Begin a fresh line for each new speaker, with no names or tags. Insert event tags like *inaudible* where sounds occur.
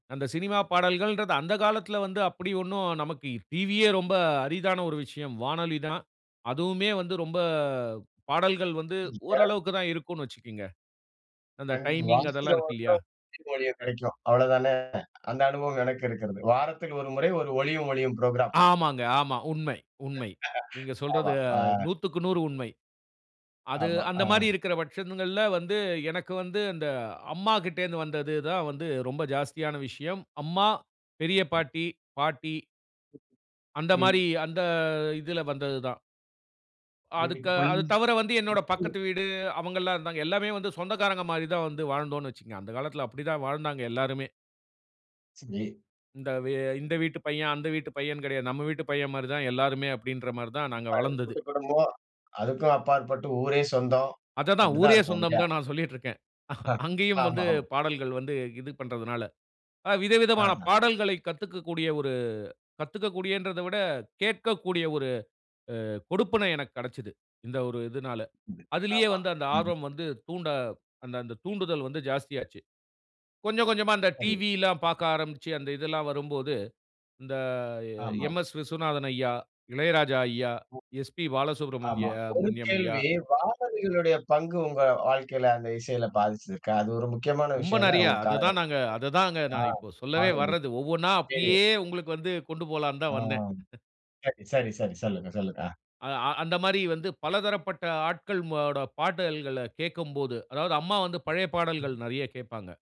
அந்த சினிமா பாடல்கள்ன்றது, அந்த காலத்துல வந்து அப்டி ஒன்னும் நமக்கு டிவியே ரொம்ப அரிதான ஒரு விஷயம். வானொலி தான் அதுவுமே வந்து ரொம்ப பாடல்கள் வந்து
*unintelligible*
ஓரளவுக்கு தான் இருக்கும்னு வச்சுக்கோங்க. அந்த டைமிங்
வாரத்தில
அதெல்லாம் இருக்கு இல்லயா.
ஒரு மொழியும் கடைக்கும், அவ்வளவு தான. அந்த அனுபவம் எனக்கு இருக்கிறது. வாரத்தில் 1 முறை 1 ஒளியும் ஒழியும் புரோகிராம்
ஆமாங்க ஆமாங்க, உன்ம உண்மை நீங்க சொல்றது
ஆமா. ஆ
100/100 உண்மை. அது
ஆமா.
அந்த மாரி
ஆ
இருக்குற பட்சங்கள்ல வந்து எனக்கு வந்து அந்த அம்மா கிட்டருந்து வந்தது தான் வந்து ரொம்ப ஜாஸ்தியான விஷயம். அம்மா, பெரிய பாட்டி, பாட்டி அந்த
ம்.
மாரி அந்த இதுல வந்தது தான். அதுக்க
வீட்டுக்குள்
அது தவர வந்து என்னோட
*unintelligible*
பக்கத்து வீடு அவங்கலாம் இருந்தாங்க எல்லாமே வந்து சொந்தக்காரங்க மாரி தான் வந்து வாழ்ந்தோம்னு வச்சுக்கோங்க. அந்த காலத்துல அப்டித்தான் வாழ்ந்தாங்க எல்லாருமே
சரி.
இந்த வே வீட்டு பையன், அந்த வீட்டு பையன், கெடையாது நம்ம வீட்டு பையன், மாரி தான் எல்லாருமே அப்டின்ற மாரி தான் நாங்க
அது
வளர்ந்தது.
கூட்டு குடும்பம், அதுக்கும் அப்பாற்பட்டு ஊரே சொந்தம்.
அததான்
அப்டி தான்
ஊரே
இருப்போம்
சொந்தம்னு
இல்லையா?
தான் நான் சொல்லிட்ருக்கேன். *chuckles*
*chuckles*
அங்கேயும்
ஆமா
வந்து
ஆமா.
பாடல்கள் வந்து இது பண்றதுனால. அ விதவிதமான
அஹ
பாடல்களை கத்துக்க கூடிய ஒரு கத்துக்க கூடியன்றத விட கேட்கக்கூடிய ஒரு அ கொடுப்பினை எனக்கு கெடச்சது. இந்த ஒரு இதுனால அதுலையே
ஆமா.
வந்து அந்த
ம்.
ஆர்வம் வந்து தூண்ட அந்த அந்த தூண்டல் வந்து ஜாஸ்தியாச்சு. கொஞ்சம் கொஞ்சமா அந்த
சரி.
டிவிலாம் பார்க்க ஆரம்பிச்சு அந்த இதெல்லாம் வரும்போது, அந்த
ஆமா.
எம்.எஸ். விஸ்வநாதன் ஐயா, இளையராஜா ஐயா,
ஆ
எஸ்பி பாலசுப்ரமணிய
ஆமா. ஒரு
மண்யம் ஐயா.
கேள்வி காணொலியோட பங்கு உங்க வாழ்க்கைல அந்த இசையில பாதிச்சுருக்கா? அது ஒரு முக்கியமான
ரொம்ப
விஷயம் இல்ல
நறையா
உங்க
அத தான்
காலகட்டத்துல,
நாங்க அத தான் அங்க
ஆ
நான் இப்ப சொல்லவே
கானொழி,
வர்றது ஒவ்வொன்னா
ரேடியோ.
அப்டியே உங்களுக்கு வந்து கொண்டு போலாம்னு
ஆ.
தான் வந்தேன். *chuckles*
சரி, சரி, சரி. சொல்லுங்க, சொல்லுங்க. அ.
அ அந்த மாரி வந்து பல தரப்பட்ட ஆட்களோட பாடல்கள கேட்கும்போது அதாவது அம்மா வந்து பழைய பாடல்கள் நறையா கேட்பாங்க.